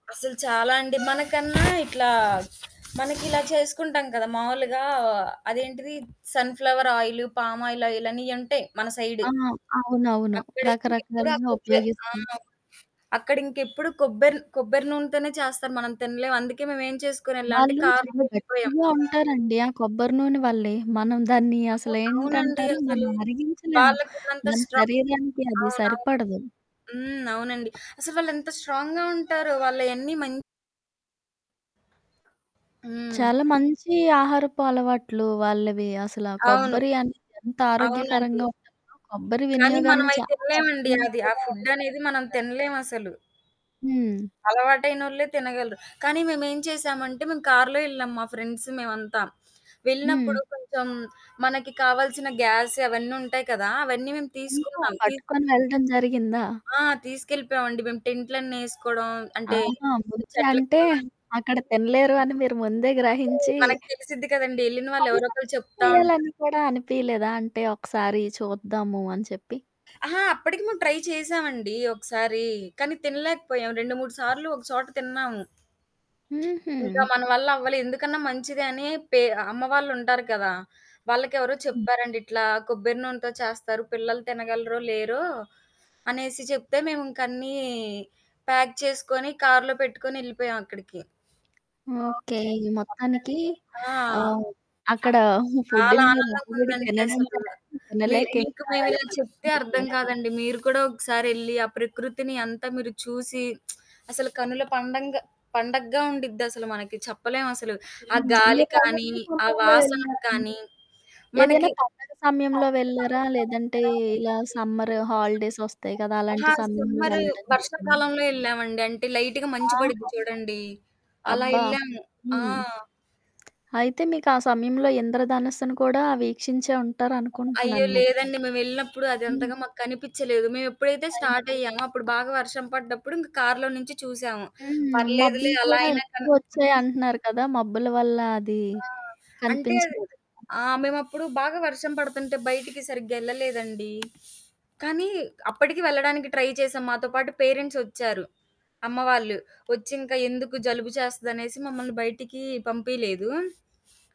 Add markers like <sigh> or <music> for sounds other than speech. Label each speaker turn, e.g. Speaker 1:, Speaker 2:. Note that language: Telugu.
Speaker 1: అసలు చాలా అండి. మనకన్నా ఇట్లా మనకి ఇలా చేసుకుంటాం కదా! మామూలుగా అదేంటిది సన్ ఫ్లవర్ ఆయిలు, పామాయిలాయిలు అని ఇయ్యుంటయి మన సైడు.
Speaker 2: ఆ! అవునవును.
Speaker 1: అప్పడికి ఇప్పుడు ఆ
Speaker 2: రకరకాలుగా
Speaker 1: ఫుడ్డే. ఆ!
Speaker 2: ఉపయోగిస్తాం.
Speaker 1: అక్కడ ఇంకెప్పుడు కొబ్బెరి, కొబ్బెరి నూనెతోనే చేస్తారు మనం తినలేం. అందుకే మేము ఏం చేసుకోనేళ్లామంటే
Speaker 2: వాళ్ళు
Speaker 1: కారులో
Speaker 2: చాలా
Speaker 1: వెళ్లిపోయాం.
Speaker 2: గట్టిగా ఉంటారండి ఆ కొబ్బరి నూనె వల్లే. మనం దాన్ని అసలు
Speaker 1: అవ్ అవునండి
Speaker 2: ఏంటంటారు మనం
Speaker 1: అసలు.
Speaker 2: అరిగించలేము.
Speaker 1: వాళ్ళకున్నంత
Speaker 2: మన
Speaker 1: స్ట్రాంగ్
Speaker 2: శరీరానికి అది
Speaker 1: అవునవును.
Speaker 2: సరిపడదు.
Speaker 1: హ్మ్. అవునండి. అసలు వాళ్ళెంత స్ట్రాంగ్‌గా ఉంటారో వాళ్ళయన్నీ మం హ్మ్.
Speaker 2: చాలా మంచి ఆహారపు అలవాట్లు వాళ్ళవి, అసలా
Speaker 1: అవును.
Speaker 2: కొబ్బరి అనేది ఎంత
Speaker 1: అవునండి.
Speaker 2: ఆరోగ్యకరంగా ఉంటదో, కొబ్బరి
Speaker 1: కానీ
Speaker 2: వినియోగాన్ని
Speaker 1: మనమయి
Speaker 2: చాలా
Speaker 1: తినలేమండి
Speaker 2: మందికి
Speaker 1: అది ఆ
Speaker 2: కూడా
Speaker 1: ఫుడ్డనేది మనం
Speaker 2: <unintelligible>
Speaker 1: తినలేమసలు.
Speaker 2: హ్మ్.
Speaker 1: అలవాటైనోళ్ళే తినగలరు. కానీ మేమేం చేసామంటే, మేము కారులో ఎళ్లాం మా ఫ్రెండ్స్ మేమంతా. వెళ్ళినప్పుడు
Speaker 2: హ్మ్.
Speaker 1: కొంచెం మనకి కావాల్సిన గ్యాసు అవన్నీ ఉంటాయి కదా! అవన్నీ మేము
Speaker 2: ఇంకా
Speaker 1: తీసుకున్నాం. తీ
Speaker 2: పట్టుకొని వెళ్ళడం జరిగిందా?
Speaker 1: ఆ! తీసుకెళ్ళిపోయామండి. మేము టెంట్లన్నేసుకోడం అంటే,
Speaker 2: ఆహా! ముందే
Speaker 1: చెట్ల
Speaker 2: అంటే,
Speaker 1: కింద
Speaker 2: అక్కడ
Speaker 1: హ్మ్.
Speaker 2: తినలేరు అని మీరు ముందే
Speaker 1: అంటే
Speaker 2: గ్రహించి
Speaker 1: మనకి తెలిసిద్ది కదండీ ఎళ్ళిన వాళ్ళు ఎవరో
Speaker 2: కనీసం
Speaker 1: ఒకళ్ళు చెప్తా
Speaker 2: ట్రై
Speaker 1: ఉంటారు.
Speaker 2: చేయాలని కూడా అనిపీయలేదా అంటే, ఒకసారి చూద్దాము అని చెప్పి?
Speaker 1: అహా! అప్పటికి మేము ట్రై చేశామండి ఒకసారి. కానీ, తినలేకపోయాం. 2, 3 సార్లు ఒక చోట తిన్నాము.
Speaker 2: హుహు.
Speaker 1: ఇంకా మన వల్ల అవ్వలే. ఎందుకన్నా మంచిదని పే అమ్మవాళ్ళుంటారు గదా! వాళ్ళకెవరో
Speaker 2: హ్మ్.
Speaker 1: చెప్పారండి, ఇట్లా కొబ్బెరి నూనెతో చేస్తారు పిల్లలు తినగలరో లేరో, అనేసి చెప్తే మేము ఇంకన్నీ ప్యాక్ చేసుకొని, కారులో పెట్టుకొని, ఎళ్ళిపోయామక్కడికి.
Speaker 2: ఓకెే. ఈ మొత్తానికి ఆ! అక్కడ
Speaker 1: చాలా
Speaker 2: ఫుడ్డుని మీరు
Speaker 1: ఆనందంగా
Speaker 2: ఆల్రెడీ
Speaker 1: ఉందండి
Speaker 2: తినడం
Speaker 1: అసలు.
Speaker 2: జరిగింది.
Speaker 1: మీ
Speaker 2: తినలేకే
Speaker 1: మీకు
Speaker 2: ఇంకా
Speaker 1: మేము
Speaker 2: ఇలా
Speaker 1: ఇలా చెప్తే అర్థం
Speaker 2: పట్టుకునెళ్లారు.
Speaker 1: కాదండి. మీరు కూడా ఒకసారి ఎళ్ళి, ఆ ప్రకృతిని అంతా మీరు చూసి <smacks lips> అసలు కనుల పండంగ పండగ్గా ఉండిద్దసలు మనకి చెప్పలేమసలు. ఆ
Speaker 2: హ్మ్.
Speaker 1: గాలి
Speaker 2: మీరు
Speaker 1: కానీ,
Speaker 2: ఎలాంటి
Speaker 1: ఆ
Speaker 2: సమయంలో
Speaker 1: వాసనకు
Speaker 2: వెళ్లారండి?
Speaker 1: కానీ,
Speaker 2: ఏదైనా
Speaker 1: మనకి
Speaker 2: పండగ సమయంలో వెళ్లారా? లేదంటే, ఇలా సమ్మరు హాలిడేస్ వస్తాయి కదా!
Speaker 1: అహా!
Speaker 2: అలాంటి సమయంలో
Speaker 1: సమ్మరు
Speaker 2: వెళ్ళడం జరిగిందా?
Speaker 1: వర్షాకాలంలో ఎళ్ళామండి. అంటే, లైటుగా మంచు పడిద్ది
Speaker 2: ఆహా!
Speaker 1: చూడండి, అలా
Speaker 2: అబ్బా!
Speaker 1: ఎళ్ళాము. ఆ!
Speaker 2: హ్మ్. అయితే మీకా సమయంలో ఇంద్రధనస్సును కూడా వీక్షించే
Speaker 1: అయ్యో!
Speaker 2: ఉంటారనుకుంటున్నాను మరి.
Speaker 1: లేదండి. మేము వెళ్ళినప్పుడు
Speaker 2: హ్మ్.
Speaker 1: అదంతగా మాకు కనిపిచ్చలేదు. మేము ఎప్పుడైతే స్టార్ట్
Speaker 2: అయ్యో!
Speaker 1: అయ్యామో, అప్పుడు బాగా వర్షం పడ్డప్పుడు ఇంక కారులో నుంచి చూసాము.
Speaker 2: హ్మ్.
Speaker 1: పర్లేదులే
Speaker 2: మబ్బులు
Speaker 1: అలా
Speaker 2: కూడా
Speaker 1: అయినా
Speaker 2: ఎక్కువ
Speaker 1: కన్
Speaker 2: వచ్చాయి
Speaker 1: <unintelligible>
Speaker 2: అంటున్నారు కదా! మబ్బుల వల్ల అది
Speaker 1: ఆ! అంటే అది
Speaker 2: కనిపించలేదేమో!
Speaker 1: ఆ! మేమప్పుడు బాగా వర్షం పడుతుంటే బయటికి సరిగ్గా ఎళ్ళలేదండి. కానీ, అప్పటికి వెళ్ళడానికి ట్రై చేశాం. మాతో పాటు పేరెంట్స్ ఒచ్చారు, అమ్మవాళ్ళు. ఒచ్చింకా ఎందుకు జలుబు చేస్తదనేసి మమ్మల్ని బయటికి పంపియలేదు.